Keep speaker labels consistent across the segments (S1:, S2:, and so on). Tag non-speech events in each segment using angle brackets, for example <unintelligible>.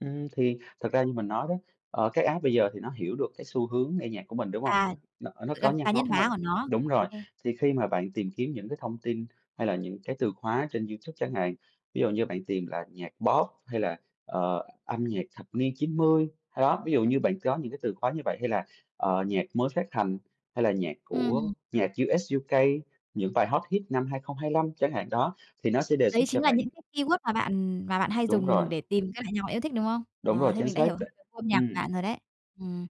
S1: Ừm, thì thật ra như mình nói đó, ờ, cái app bây giờ thì nó hiểu được cái xu hướng nghe nhạc của mình, đúng không?
S2: À,
S1: Nó nó nó
S2: là cá
S1: nhạc ngó
S2: nhân
S1: của mình,
S2: hóa của nó.
S1: đúng
S2: Ô
S1: rồi,
S2: kê.
S1: thì khi mà bạn tìm kiếm những cái thông tin hay là những cái từ khóa trên YouTube chẳng hạn, ví dụ như bạn tìm là "nhạc pop" hay là, ờ, "âm nhạc thập niên 90", ơ, đó, ví dụ như bạn có những cái từ khóa như vậy hay là, ờ, "nhạc mới phát hành", hay là nhạc của
S2: Ừm.
S1: "nhạc US-UK", "những bài hot hit năm 2025" chẳng hạn đó, thì nó sẽ đề xuất
S2: Đấy
S1: cho
S2: chính là
S1: bạn.
S2: những cái keyword mà bạn mà bạn hay
S1: Đúng rồi.
S2: dùng để tìm cái <unintelligible> nhạc yêu thích, đúng không?
S1: Đúng rồi,
S2: Ờ, thế
S1: chính
S2: mình đã
S1: xác
S2: hiểu
S1: ch
S2: hơn về gu âm nhạc của
S1: ừm.
S2: bạn rồi đấy, ừm.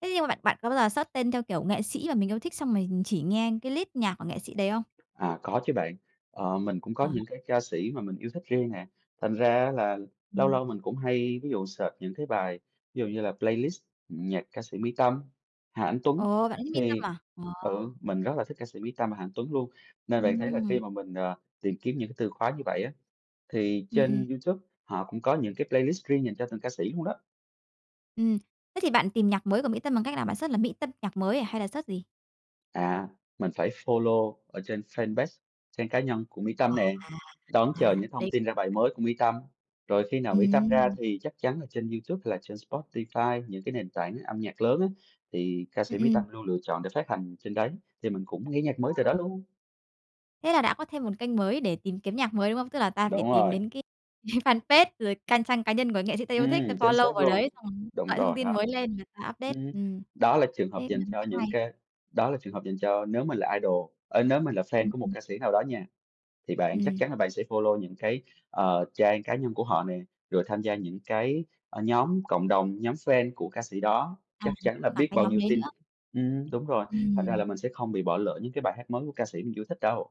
S2: Thế nhưng mà bạn bạn có bao giờ search tên theo kiểu nghệ sĩ mà mình yêu thích xong mình chỉ nghe cái list nhạc của nghệ sĩ đấy không?
S1: À, có chứ bạn, ờ, mình cũng có
S2: Ờ.
S1: những cái ca sĩ mà mình yêu thích riêng nè, thành ra á là lâu
S2: Ừm.
S1: lâu mình cũng hay ví dụ search những cái bài, ví dụ như là "Playlist nhạc ca sĩ Mỹ Tâm, Hà Anh Tuấn"
S2: Ồ, bạn thích Mỹ Tâm
S1: thì
S2: à? À.
S1: ừ, mình rất là thích ca sĩ Mỹ Tâm và Hà Anh Tuấn luôn, nên bạn thấy là khi
S2: Ừm.
S1: mà mình, ờ, tìm kiếm những cái từ khóa như vậy á, thì
S2: Ừm, ừm.
S1: trên YouTube họ cũng có những cái playlist riêng dành cho từng ca sĩ luôn đó.
S2: Ừm, thế thì bạn tìm nhạc mới của Mỹ Tâm bằng cách nào? Bạn search là "Mỹ Tâm nhạc mới" à, hay là search gì?
S1: À, mình phải follow ở trên fanpage trang cá nhân của Mỹ
S2: À,
S1: Tâm nè,
S2: à,
S1: đón chờ
S2: à,
S1: những thông
S2: đấy
S1: tin ra bài
S2: <unintelligible>
S1: mới của Mỹ Tâm, rồi khi nào Mỹ Tâm ra
S2: Ừm.
S1: thì chắc chắn là trên YouTube hay là trên Spotify, những cái nền tảng âm nhạc lớn á, thì ca
S2: Ừm,
S1: sĩ Mỹ
S2: ừm.
S1: Tâm luôn lựa chọn để phát hành trên đấy, thì mình cũng nghe nhạc mới từ đó
S2: Ờ.
S1: luôn.
S2: Thế là đã có thêm một kênh mới để tìm kiếm nhạc mới, đúng không? Tức là ta phải
S1: Đúng
S2: tìm
S1: rồi.
S2: đến cái <laughs> fanpage rồi can trang cá nhân của nghệ sĩ ta yêu thích, ta
S1: Ừm, chính
S2: follow
S1: xác
S2: vào
S1: luôn.
S2: đấy, <unintelligible>
S1: Đúng
S2: gọi thông
S1: rồi
S2: tin
S1: đó.
S2: mới lên và ta update,
S1: Ừm,
S2: ừm,
S1: đó là trường hợp
S2: thế cũng
S1: dành
S2: là một
S1: cho
S2: cách
S1: những
S2: hay.
S1: cái đó là trường hợp dành cho nếu mình là idol ờ, nếu mình là fan
S2: Ừm,
S1: của một
S2: ừm.
S1: ca sĩ nào đó nha, thì bạn chắc
S2: Ừm.
S1: chắn là bạn sẽ follow những cái, ờ, trang cá nhân của họ nè, rồi tham gia những cái, ờ, nhóm cộng đồng, nhóm fan của ca sĩ đó,
S2: À,
S1: chắc chắn là
S2: có cả
S1: biết
S2: cái
S1: bao
S2: nhóm
S1: nhiêu
S2: đấy
S1: tin.
S2: nữa.
S1: Ừm đúng rồi, thành ra
S2: Ừm.
S1: là mình sẽ không bị bỏ lỡ những cái bài hát mới của ca sĩ mình chưa thích đâu.